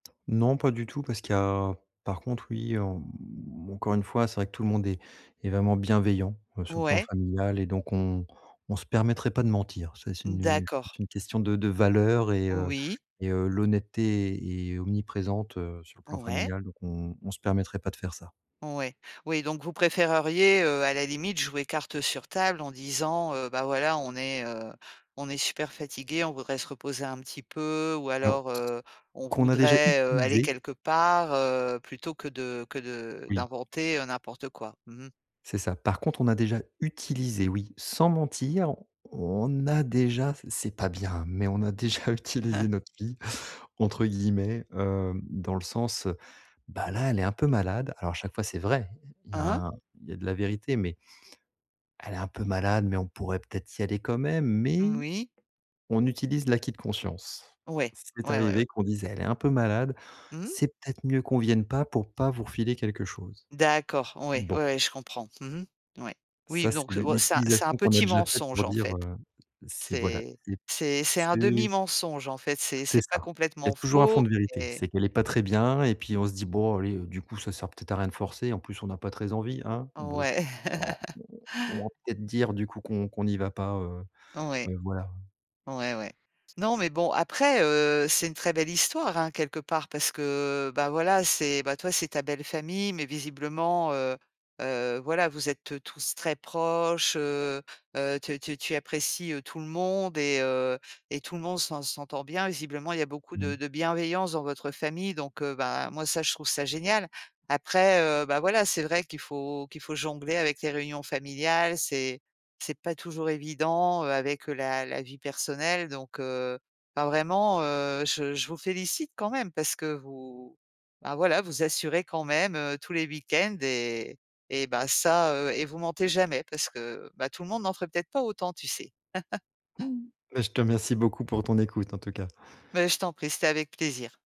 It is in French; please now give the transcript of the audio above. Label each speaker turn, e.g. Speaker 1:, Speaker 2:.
Speaker 1: Non, pas du tout parce qu'il y a par contre, oui, en, mmh encore une fois, c'est vrai que tout le monde est est vraiment bienveillant, heu, sur le plan
Speaker 2: Ouais.
Speaker 1: familial et donc on on se permettrait pas de mentir. C'est c'est nu je
Speaker 2: D'accord.
Speaker 1: pense c'est une question de de valeur et heu,
Speaker 2: Oui.
Speaker 1: et heu, l'honnêteté est omniprésente, heu, sur le plan
Speaker 2: Ouais.
Speaker 1: familial, donc on on se permettrait pas de faire ça.
Speaker 2: Ouais, oui, donc vous préféreriez, heu, à la limite, jouer carte sur table en disant: «Heu, bah voilà, on est, heu, on est super fatigué, on voudrait se reposer un petit peu», ou
Speaker 1: Alors,
Speaker 2: alors: «Heu, on
Speaker 1: qu'on a déjà
Speaker 2: voudrait, heu, aller
Speaker 1: utilisé.
Speaker 2: quelque part», heu, plutôt que de que de
Speaker 1: Oui.
Speaker 2: d'inventer, heu, n'importe quoi. Mmh mh.
Speaker 1: C'est ça. Par contre, on a déjà utilisé, oui, sans mentir, on a déjà, c c'est pas bien, mais on a déjà utilisé «notre fille» entre guillemets, hem, dans le sens, heu. Bah là, elle est un peu malade. Alors à chaque fois, c'est vrai, heu, il y
Speaker 2: Hein
Speaker 1: a
Speaker 2: hein.
Speaker 1: un il y a de la vérité, mais Elle est un peu malade, mais on pourrait peut être y aller quand même.
Speaker 2: Mmh
Speaker 1: Mais
Speaker 2: moui.
Speaker 1: on utilise l'acquis de conscience.
Speaker 2: Ouais,
Speaker 1: C'est
Speaker 2: ouais, ouais, ouais.
Speaker 1: arrivé qu'on dise: «Elle est un peu malade.
Speaker 2: Mmh.
Speaker 1: C'est peut être mieux qu'on vienne pas pour pas vous refiler quelque chose».
Speaker 2: D'accord, ouais, ouais,
Speaker 1: Bon.
Speaker 2: ouais je comprends. Mmh mh, ouais. Oui b
Speaker 1: Ça, c'est
Speaker 2: donc, heu,
Speaker 1: l'u
Speaker 2: c'est un c'est un
Speaker 1: l'utilisation qu'on a
Speaker 2: petit
Speaker 1: déjà faite
Speaker 2: mensonge,
Speaker 1: pour
Speaker 2: en
Speaker 1: dire,
Speaker 2: fait.
Speaker 1: heu, c'est voilà,
Speaker 2: C'est
Speaker 1: c'est
Speaker 2: c'est c'est un 1/2
Speaker 1: c'est
Speaker 2: mensonge, en fait. C'est
Speaker 1: C'est
Speaker 2: c'est pas
Speaker 1: ça. Il y a
Speaker 2: complètement
Speaker 1: toujours un fond
Speaker 2: faux,
Speaker 1: de vérité,
Speaker 2: et
Speaker 1: c'est qu'elle est pas très bien et puis on se dit: «Bon allez, heu, du coup ça sert peut-être à rien de forcer, en plus on n'a pas très envie hein? Bon,
Speaker 2: Ouais.
Speaker 1: alors on on va peut-être dire du coup qu'on qu'on n'y va pas», heu,
Speaker 2: Ouais.
Speaker 1: mais voilà.
Speaker 2: Ouais, ouais. Non, mais bon, après, heu, c'est une très belle histoire, hein, quelque part, parce que bah voilà, c'est, bah, toi, c'est ta belle famille, mais visiblement, heu heu, voilà, vous êtes, heu, tous très proches, heu heu, te te tu apprécies, heu, tout le monde et heu, et tout le monde s'en s'entend bien. Visiblement, il y a beaucoup
Speaker 1: Mmh.
Speaker 2: de de bienveillance dans votre famille, donc, heu, ben moi ça, je trouve ça génial. Après, heu, bah voilà, c'est vrai qu'il faut qu'il faut jongler avec les réunions familiales. C'est c'est pas toujours évident, heu, avec, heu, la la vie personnelle, donc, heu. Ben vraiment, heu, je je vous félicite quand même parce que vous, bah voilà, vous assurez quand même, heu, tous les week-ends et et bah ça, heu, et vous mentez jamais parce que bah tout le monde n'en ferait peut-être pas autant, tu sais?
Speaker 1: Beh je te remercie beaucoup pour ton écoute en tout cas.
Speaker 2: Mais je t'en prie, c'était avec plaisir.